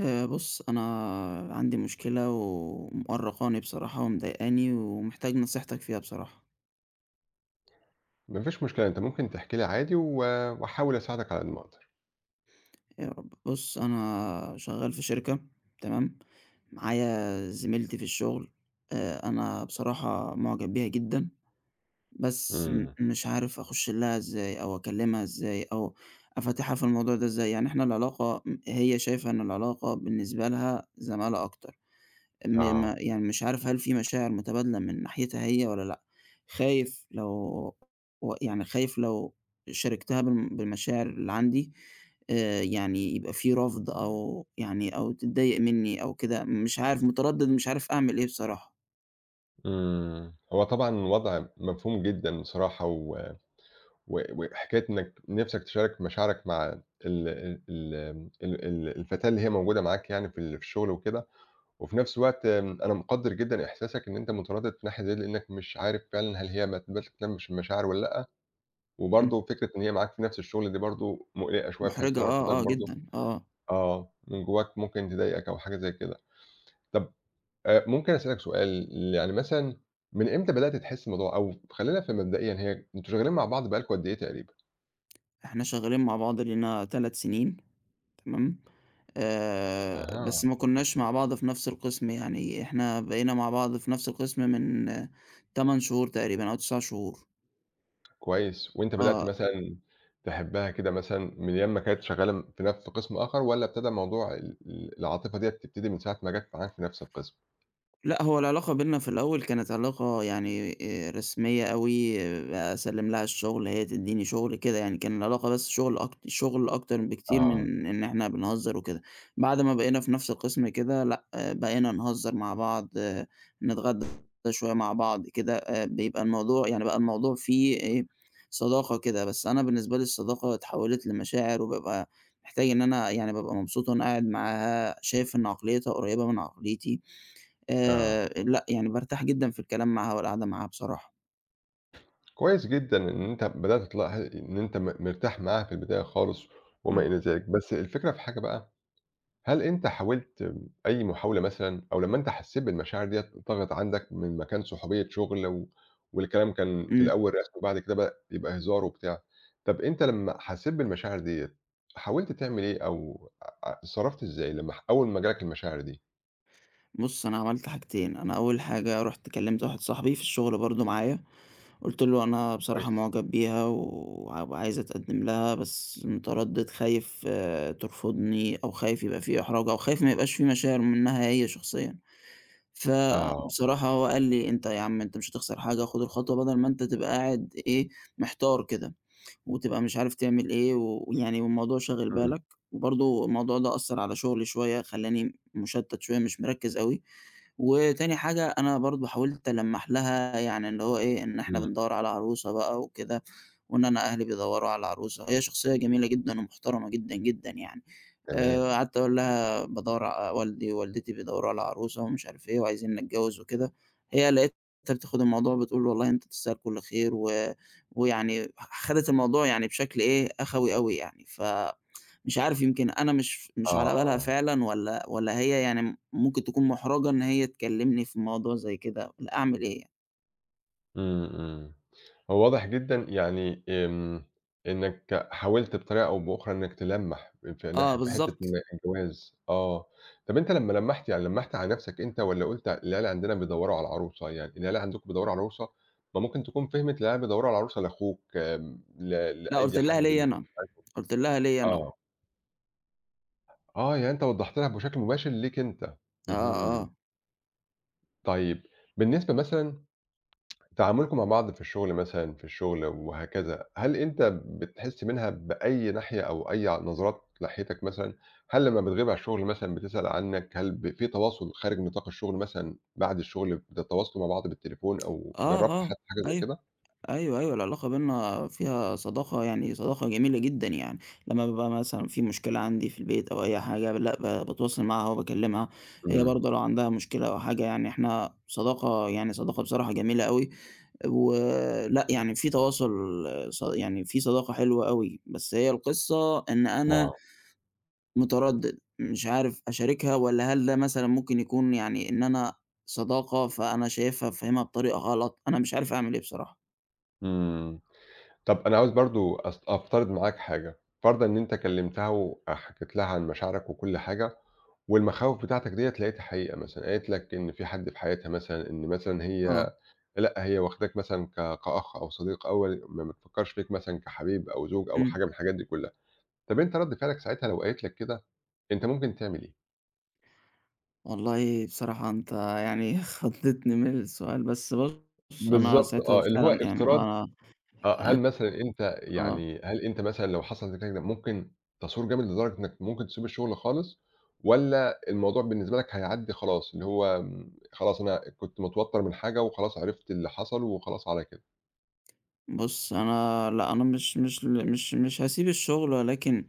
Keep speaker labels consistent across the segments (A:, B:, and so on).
A: آآ بُص أنا عندي مشكلة ومأرقاني بصراحة ومضايقاني، ومحتاج نصيحتك فيها بصراحة.
B: ما فيش مشكلة أنت ممكن تَحكي لي عادي و وأحاول أساعدك على قد ما أقدر.
A: يا رب. بُص أنا شغال في شركة تمام، معايا زميلتي في الشغل آآ أنا بصراحة مُعجَب بيها جدًا، بس م
B: إمم.
A: مش عارف أخُش لها إزاي أو أكلمها إزاي أو أفاتِحها في الموضوع ده إزاي. يعني إحنا العلاقة إم هي شايفة إن العلاقة بالنسبة لها زمالة أكتر م ما
B: آه.
A: يعني مش عارف هل في مشاعر مُتبادلَة من ناحيتها هي والّا لأ، خايف لو و يعني خايف لو شارِكتها بم بالمشاعر اللي عندي آآ يعني يبقى في رَفض أو يعني أو تضّايق منّي أو كده مش عارف مُتردِد مش عارف أعمل إيه بصراحة.
B: إمم هو طبعًا الوَضع مفهوم جدًا بصراحة و و وحكاية إنّك نِفسَك تشارك مشاعرك مع ال ال امم ال ال الفتاة اللي هي موجودة معاك يعني في ال في الشغل وكده، وفي نَفس الوقت آمم أنا مُقَدِّر جدًا إحساسك إن أنت مُتردِد في ناحية زي دِيَّة لأنّك مش عارف فعلًا هل هي ما تبقاش تهتمش بالمشاعر والّا لأ،
A: إمم.
B: وبرضه فكرة إن هي معاك في نَفس الشغل دي برضه مُقلِقَة شوية بحيث
A: مُحرِجَة
B: لو رفَضِتك
A: آه آه
B: برضه
A: جدًا آه.
B: آه من جوّاك ممكن تضايقك أو حاجة زي كده. طَب آآ ممكن أسألك سؤال ل يعني مثلًا من إمتى بدأت تحِس الموضوع أو خلّيني أفهم في مبدئيًا هي أنتم شغّالين مع بعض بقي لكم قد إيه تقريبًا؟
A: إحنا شغّالين مع بعض لينا 3 سِنين تمام؟ آآ
B: أها.
A: بس ما كُنّاش مع بعض في نَفْس القِسْم يعني إحنا بقينا مع بعض في نَفْس القِسْم من 8 شهور تقريبًا أو 9 شهور.
B: كويس، وأنت بدأت
A: آه.
B: مثلًا تحبّها كده مثلًا من أيام ما كانت شغّالة في نف قِسْم آخَر والّا ابتدى موضوع ال ال العاطفة ديّة تبتدي من ساعة ما جات معاك في نَفْس القِسْم؟
A: لأ، هو العلاقة بيننا في الأول كانت علاقة يعني آآ رسمية أوي، أسلِّم لها الشُغل هي تدّيني شُغل كده يعني، كان العلاقة بس شُغل أك شُغل أكتر بكتير
B: آه.
A: من إن إحنا بنهزّر وكده. بعد ما بقينا في نَفْس القِسْم كده لأ، بقينا نهزّر مع بعض، نتغدّى شوية مع بعض كده، آآ بيبقى الموضوع يعني بقى الموضوع فيه إيه صداقة كده، بس أنا بالنسبة لي الصداقة اتحوِّلت لمشاعر وبابقى محتاج إن أنا يعني بابقى مبسوط وأنا قاعد معاها. شايف إن عقليّتها قريّبة من عقليتي.
B: آه.
A: آآ لأ، يعني بارتاح جدًا في الكلام معاها، والقعدة معاها بصراحة.
B: كويس جدًا إن أنت بدأت تلاح إن أنت م مرتاح معاها في البداية خالص وما
A: إمم.
B: إلى ذلك. بس الفكرة في حاجة بقى، هل أنت حاولت أي محاولة مثلًا أو لمّا أنت حسّيت بالمشاعر ديّة طَغت عندك من مكان صُحوبية شُغل و والكلام كان في
A: إمم.
B: الأول رسمي وبعد كده بقى يبقى هزار وبتاع، طَب أنت لمّا حسّيت بالمشاعر ديّة حاولت تعمل إيه أو آآ آآ اتصرّفت إزاي لمّا ح أول ما جالك المشاعر دي؟
A: بُصّ، أنا عملت حاجتين، أنا أوّل حاجة رُحت كلّمت واحد صاحبي في الشغل برضه معايا، قُلت له أنا
B: كويس.
A: بصراحة معجب بيها، ووعايز اتقدّم لها بس متردّد، خايف ترفضني، أو خايف يبقى في إحراج، أو خايف ما يبقاش في مشاعر منها هي شخصيًا،
B: آه.
A: فبصراحة هو قال لي أنت يا عم أنت مش هتخسر حاجة، خد الخطوة بدل ما أنت تبقى قاعد إيه محتار كده، وتبقى مش عارف تعمل إيه، ويعني والموضوع شاغل
B: إمم.
A: بالك، برضه الموضوع ده أثّر على شغلي شويّة، خلّاني مشتّت شويّة، مش مركّز أوي وتاني حاجة، أنا برضه حاولت ألمَّح لها يعني اللي هو إيه، إن إحنا
B: إمم.
A: بندوَّر على عروسة بقى وكده، وإن أنا أهلي بيدوَّروا على عروسة، هي شخصيّة جميلة جدًا ومحترمة جدًا، جدًا يعني،
B: تمام.
A: آآ، قعدت أقول لها بادوَّر ع والدي ووالدتي بيدوَّروا على عروسة، ومش عارف إيه وعايزينّي أتجوز وكده، هي لقيتها بتاخد الموضوع بتقول والله أنت تستاهل كل خير، و ويعني خدت الموضوع يعني بشكل إيه أخَوي أوي يعني، ف مش عارف، يمكن أنا مش مش على بالها
B: آه.
A: فعلًا، والَّا والَّا هي يعني ممكن تكون محرجة إن هي تكلّمني في الموضوع زي كده، أعمل إيه يعني؟
B: إمم، إمم. هو واضح جدًا يعني إمم، إنك حاولت بطريقة أو بأخرى إنك تلمّح في
A: آه،
B: ناح في حتة إن
A: بالضبط.
B: الجواز، آه، طَب أنت لمّا لمّحت يعني لمّحت على نفسك أنت، والَّا قُلت العيلة عندنا بيدوّروا على عروسة، يعني العيلة عندكم بيدوّروا على عروسة، ما ممكن تكون فهمت العيلة بيدوّروا على عروسة لأخوك آآ، ل
A: لأ قُلت
B: لأي
A: لها
B: حد
A: ليّا
B: م
A: أنا،
B: [unintelligible]
A: قُلت لها ليّا أنا.
B: آه. آه، يعني أنت وضحت لها بشكل مباشر ليك أنت،
A: آه،
B: اهم.
A: آه.
B: طيب بالنسبة مثلًا تعاملكم مع بعض في الشغل مثلًا، في الشغل وهكذا هل أنت بتحس منها بأي ناحية أو أي ع نظرات ناحيتك مثلًا؟ هل لمّا بتغيب على الشغل مثلًا بتسأل عنّك؟ هل ب في تواصل خارج نطاق الشغل مثلًا، بعد الشغل بتتواصلوا مع بعض بالتليفون أو
A: آه،
B: جرّبت
A: آه،
B: حتى حاجة زي
A: أيوه،
B: كده؟
A: أيوه، أيوه العلاقة بيننا فيها صداقة يعني صداقة جميلة جدًا، يعني لمّا بابقى مثلًا في مشكلة عندي في البيت أو أي حاجة، لأ ب باتواصل معاها وباكلمها، هي
B: إمم.
A: برضه لو عندها مشكلة أو حاجة يعني إحنا صداقة يعني صداقة بصراحة جميلة أوي، و لأ يعني في تواصل ص يعني في صداقة حلوة أوي، بس هي القِصّة إن أنا
B: آه.
A: مُتردِّد مش عارف أشاركها والَّا هل ده مثلًا ممكن يكون يعني إن أنا صداقة فأنا شايفها فاهمها بطريقة غلط، أنا مش عارف أعمل إيه بصراحة.
B: إمم، طب أنا عايز برضو أس أفترض معاك حاجة. فرضًا إن أنت كلمتها وحكيت لها عن مشاعرك وكل حاجة، والمخاوف بتاعتك ديَّة لقيتها حقيقة مثلًا، قالت لك إن في حد في حياتها مثلًا، إن مثلًا
A: آه.
B: هي لأ، هي واخداك مثلًا ك كأخ أو صديق، أو م ما بتفكرش فيك مثلًا كحبيب أو زوج أو
A: إمم.
B: حاجة من الحاجات دي كلّها، طب أنت رد فعلك ساعتها لو قالت لك كده، أنت ممكن تعمل إيه؟
A: والله بصراحة أنت يعني خضّتني من السؤال، بس بُص، أنا
B: بالضبط
A: ساعتها
B: آه، اللي هو
A: فعلًا يعني
B: افتراض
A: أنا
B: آه. هل
A: هت
B: مثلًا أنت
A: آه.
B: يعني هل أنت مثلًا لو حصل ده كده كده ممكن تثور جامد لدرجة إنّك ممكن تسيب الشغل خالص، والّا الموضوع بالنسبة لك هيعدي خلاص، اللي هو آمم، خلاص، أنا كنت متوتّر من حاجة، وخلاص عرفت اللي حصل، وخلاص على كده؟
A: بص، أنا لا، أنا مش مش ل مش مش هاسيب الشغل، ولكن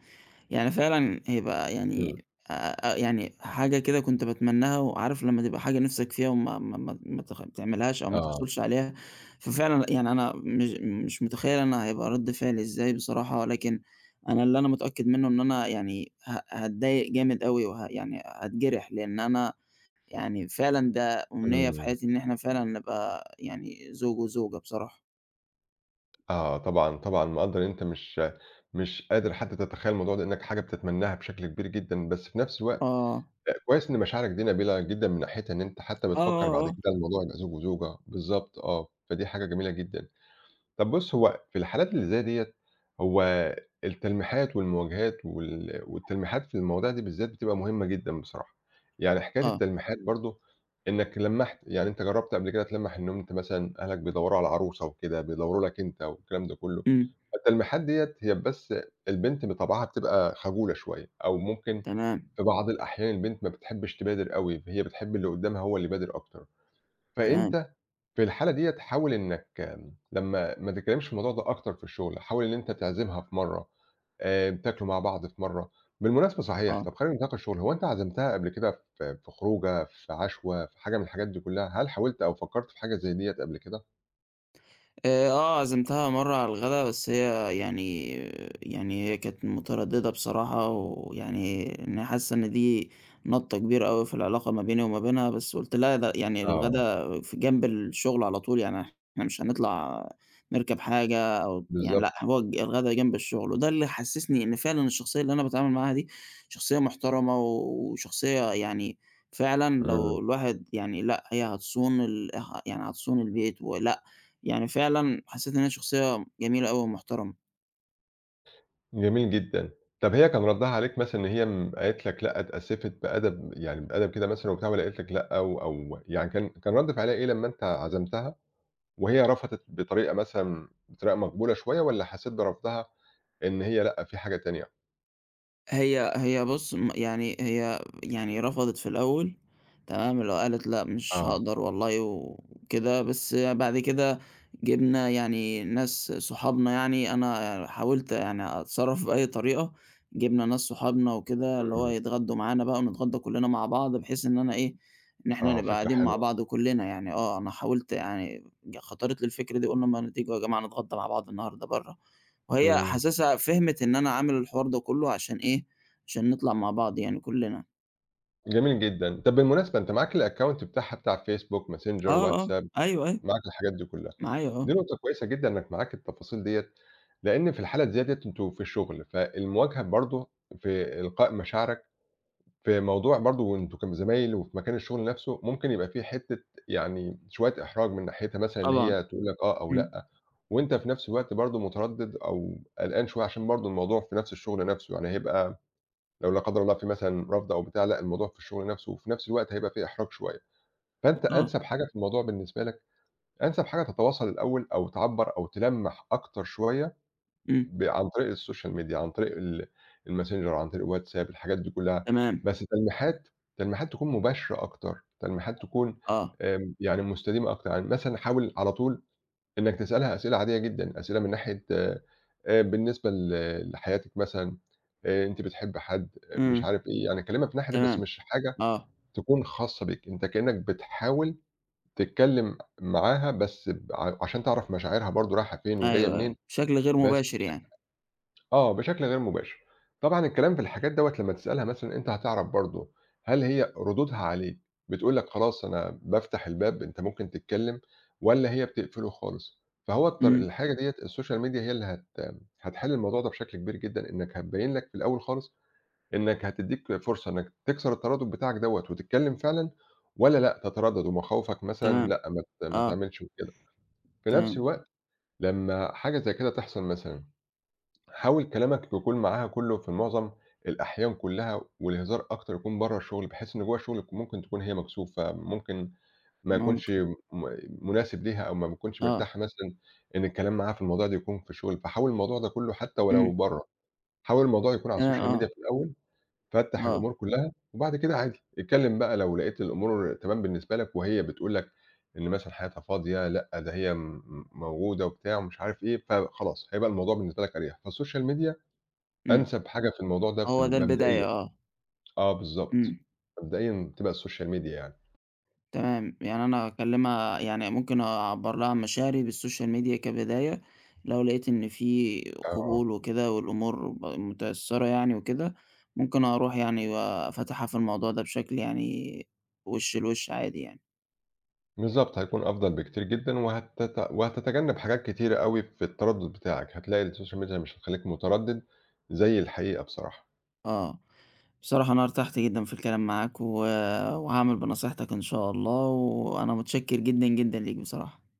A: يعني فعلًا هيبقى
B: إمم.
A: يعني آآ، آآ، يعني حاجة كده كنت باتمناها، وعارف لمّا تبقى حاجة نفسك فيها وما ما ما ما ت تعملهاش أو ما
B: آه.
A: تحصلش عليها؟ ففعلًا يعني أنا مش مش متخيّل أنا هيبقى رد فعلي إزاي بصراحة. ولكن أنا اللي أنا متأكّد منّه إن أنا يعني ه هاتضايق جامد أوي، وه يعني هاتجرح، لأن أنا يعني فعلًا ده أمنية في
B: إمم.
A: حياتي إن إحنا فعلًا نبقى يعني زوج وزوجة بصراحة.
B: آه طبعًا طبعًا مقدَّر إن أنت مش مش قادر حتّى تتخيل الموضوع ده لأنّك حاجة بتتمناها بشكل كبير جدًا، بس في نَفس الوقت
A: آه.
B: أ كويّس إن مشاعرك دي نبيلة جدًا من ناحيتها إن أنت حتّى
A: آه
B: بتفكَّر
A: آه
B: بعد
A: آه.
B: كده الموضوع يبقي زوج وزوجة بالضبط آه، فدي حاجة جميلة جدًا. طَب بُص هو في الحالات اللي زي دِيَّة هو التلميحات والمواجهات وال والتلميحات في المواضيع دي بالذات بتبقى مهمة جدًا بصراحة. يعني حكاية
A: آه.
B: التلميحات برضه إنّك لمَّحت يعني أنت جرّبت قبل كده تلمَّح إنّه أنت مثلًا أهلك بيدوّروا على عروسة وكده بيدوّروا لك أنت والكلام ده كلّه،
A: إمم.
B: فالتلميحات دِيَّة هي بس البنت بطَبعَها بتبقى خجولة شوية أو ممكن
A: تمام.
B: في بعض الأحيان البنت ما بتحبش تبادر أوي هي بتحب اللي قدّامها هو اللي يبادر أكتر،
A: تمام.
B: فأنت في الحالة دِيَّة تحاول إنّك لمّا ما تتكلمش في الموضوع ده أكتر في الشغل حاول إن أنت تعزِمها في مرّة آآ بتاكلوا مع بعض في مرّة. بالمناسبة صحيح
A: آه.
B: طَب خلّينا في نِطاق الشغل هو أنت عزمتها قبل كده ف في خروجة، في عَشوة، في حاجة من الحاجات دي كلّها؟ هل حاولت أو فكَّرت في حاجة زي دِيَّة قَبل كده؟
A: آآ آه عزمتها مرّة على الغدا بس هي يعني يعني هي كانت مُتردِدة بصراحة ويعني إنّها حاسة إن دي نَطّة كبيرة أوي في العلاقة ما بيني وما بينها بس قُلت لا ده يعني
B: آه.
A: الغدا فجنب الشغل على طول يعني إحنا مش هنطلَع نركَب حاجة أو يعني لأ
B: بالضبط.
A: هنقعد ج الغدا جنب الشغل، وده اللي حسسني إن فعلًا الشخصية اللي أنا باتعامل معاها دي شخصية مُحترَمة وشخصية يعني فعلًا لو
B: إمم.
A: الواحد يعني لأ هي هتصون ال اه يعني هتصون البيت ولأ يعني فعلًا حسّيت إن هيّ شخصية جميلة أوي ومُحترَمة.
B: جميل جدًا، طَب هي كان ردّها عليك مثلًا إن هي إمم، قالت لَك لأ اتأسّفِت بأدب يعني بأدب كده مثلًا وبتاع والّا قالت لَك لأ أو أو يعني كان كان رد فعلها إيه لمّا أنت عزمتها وهي رفضت بطريقة مثلًا بطريقة مقبولة شوية، والّا حسيت برفضها إن هي لأ في حاجة تانية؟
A: هي هي بُص م يعني هي يعني رفضِت في الأول، تمام، لو قالِت لأ مش
B: آه.
A: هاقدَر والله وكده بس بعد كده جِبنا يعني ناس صُحابنا يعني، أنا حاولت يعني أتصرف بأي طريقة جِبنا ناس صُحابنا وكده اللي هو
B: إمم.
A: هيتغَدّوا مَعَانا بقى ونِتغَدّا كُلّنا مع بعض، بحيث إن أنا إيه، إن إحنا
B: آه،
A: نبقى
B: فكرة
A: قاعدين مع
B: حلوة.
A: بعض و كُلّنا يعني آه، أنا حاولت يعني خَطَرِت لي الفكرة دي قُلنا ما تييجوا يا جماعة نِتغَدّا مع بعض النهارده برّه، وهي
B: إمم.
A: حاسِسها فهمِت إن أنا عامل الحوار ده كله عشان إيه عشان نِطلع مع بعض يعني كُلّنا.
B: جميل جدًا، طَب بالمناسبة أنت معاك الaccount بتاعها بتاع الwhatsapp ،messenger
A: آه، آه،
B: ،facebook
A: أيوه، أيوه.
B: معاك الحاجات دي كُلّها،
A: معايا،
B: دي
A: آه.
B: نقطة كويسة جدًا إنك معاك التفاصيل ديّة، لأن في الحالة زيادِة أنتم في الشغل فالمواجهة برضه في إلقاء مشاعرَك في موضوع برضه أنتم كان زمايل وفي مكان الشغل نَفسُه، ممكن يبقى في حتة يعني شوية إحراج من ناحيتها مثلًا إن
A: طبعًا،
B: هي تقول لَك آه أو
A: إمم.
B: لأ، وأنت في نفس الوقت برضه، مُترَدِّد أو قلقان شوية عشان برضه الموضوع في نفس الشغل نَفسُه يعني هيبقى لو لا قدر الله في مثلًا رفض أو بتاع، لأ الموضوع في الشُغل نَفسُه وفي نفس الوقت هيبقى في إحراج شوية. فأنت
A: آه.
B: أَنسَب حاجة في الموضوع بالنسبة لَك أَنسَب حاجة تتواصل الأول أو تعَبّر أو تلَمّح أكتر شوية
A: إمم.
B: ب عن طريق الsocial media عن طريق ال الmessenger عن طريق الwhatsapp الحاجات دي كُلّها
A: تمام.
B: بس تلميحَات، تلميحَات تكون مباشرة أكتر تلميحَات تكون
A: آه.
B: آمم، يعني مستديمة أكتر، يعني مثلًا حاول على طول إنك تِسألها أسئلة عادية جدًا أسئلة من ناحية آآ، بالنسبة ل لحياتِك مثلًا آآ، أنتِ بِتحبّي حد؟ مش
A: إمم،
B: عارف إيه، يعني كَلّمها في ناحية بس
A: تمام،
B: مش حاجة
A: آه.
B: تكون خاصَّة بيك أنت كَإنّك بتحاوِل تتكلم معاها بس ب عشان تعرَف مشاعرها برضه رايحة فين وجاية
A: أيوه،
B: منين
A: أيوه، بشكل غير
B: بس
A: مباشر
B: بشَكل
A: يعني.
B: عام، آه، بشَكل غير مباشر طبعًا الكلام في الحاجات دوّة لمّا تِسألها مثلًا أنت هتعرف برضه هل هي رُدودها عليك بتقول لَك خلاص أنا بافتَّح الباب أنت ممكن تتكلم والّا هي بتقفلُه خالص فهو الط
A: إمم.
B: الحاجة ديّة الsocial media هي اللي هت هتحِل الموضوع ده بشكل كبير جدًا إنك هتبَيّن لَك في الأول خالص إنك هتدِّيك فرصة إنك تكسر التَردُّد بتاعَك دوّة، وتتكلم فعلًا والّا لأ تِترَدَّد ومخاوفَك مثلًا
A: تمام،
B: لأ مات ما
A: آه.
B: تعملش وكده. في نفس
A: تمام.
B: الوقت لمّا حاجة زي كده تحصل مثلًا حاول كلامَك يكون معاها كُلُّه في المُعظَم الأحيان كُلّها والهِزار أكتر يكون برّه الشغل، بحيث إن جوّه شُغلَك ممكن تكون هي مكسوفة ممكن ما يكونش
A: مُمكِن.
B: م مُناسِب ليها أو ما بيتكونش
A: آه.
B: مرتاحة مثلًا إن الكلام معاها في الموضوع ده يكون في الشغل فحاول الموضوع ده كُلُّه حتى ولو
A: إمم.
B: برّه، حاول الموضوع يكون على
A: آه،
B: الsocial
A: آه.
B: media في الأول فَتَّح
A: آه.
B: الأمور كُلّها وبعد كده عادي اِتكَلِّم بقى لو لقيت الأمور تمام بالنسبة لَك وهي بتقول لَك إن مثلًا حياتها فاضية لأ ده هي آمم، موجودة وبتاع ومش عارف إيه فخلاص هيبقى الموضوع بالنسبة لَك أريّح، فالsocial media
A: إمم،
B: أنسَب حاجة في الموضوع ده في
A: هو ده البداية
B: المبدئِيَّة
A: آه.
B: آه بالضبط
A: إمم.
B: مبدئيًا تبقى الsocial media يعني.
A: تمام، يعني أنا أكَلمها يعني ممكن أعَبّر لها عن مشاعري بالsocial media كبداية لو لقيت إن في
B: آه.
A: قبول وكده والأمور م مُتأثرِة يعني وكده، ممكن أروُح يعني وأفاتِحها في الموضوع ده بِشَكل يعني وِش لوِش عادي يعني.
B: بالضبط، هيكون أفضل بكتير جدًا وهتت وهتتجَنب حاجات كتيرة أوي في الترَدُّد بتاعَك، هتلاقي الsocial media مش هتخليك مُترَدّد زي الحقيقة بصراحة.
A: آه، بصراحة أنا اِرتَحت جدًا في الكلام معاك و وهاعمِل بِنَصيحَتَك إن شاء الله، وأنا متشكر جدًا، جدًا ليك بصراحة.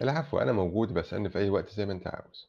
B: العفو أنا موجود، أبقى أسألني في أي وقت زي ما أنت عاوِز.